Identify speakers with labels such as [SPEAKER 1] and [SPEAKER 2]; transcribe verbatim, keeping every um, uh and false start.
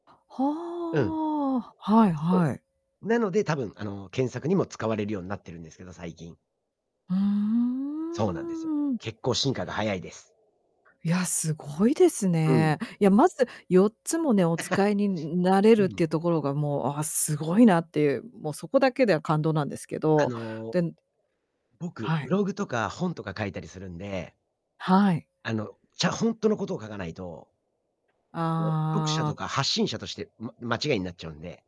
[SPEAKER 1] うん。
[SPEAKER 2] はあ、はい
[SPEAKER 1] そ
[SPEAKER 2] はい。
[SPEAKER 1] う。なので多分あの、検索にも使われるようになってるんですけど、最近。
[SPEAKER 2] うーん、
[SPEAKER 1] そうなんですよ。
[SPEAKER 2] うんうん。
[SPEAKER 1] 結構進化が速いです。
[SPEAKER 2] いや、すごいです
[SPEAKER 1] うん。
[SPEAKER 2] ね。いや、まずよっつもね、お 使いになれ
[SPEAKER 1] う
[SPEAKER 2] るっ
[SPEAKER 1] ん。
[SPEAKER 2] ていうところが、もう、ああ、凄いなっていう、もうそこだけで感動なんですけ
[SPEAKER 1] あ
[SPEAKER 2] ど、
[SPEAKER 1] の
[SPEAKER 2] で
[SPEAKER 1] 僕、
[SPEAKER 2] は
[SPEAKER 1] ブ
[SPEAKER 2] い。
[SPEAKER 1] ログとか本とか書いたりするんで
[SPEAKER 2] はい。
[SPEAKER 1] あの、ちゃ、ほんとのことを書かないといや、読者
[SPEAKER 2] あ
[SPEAKER 1] と
[SPEAKER 2] あ。
[SPEAKER 1] か発信者として、ん、ま間違いになっちゃうんで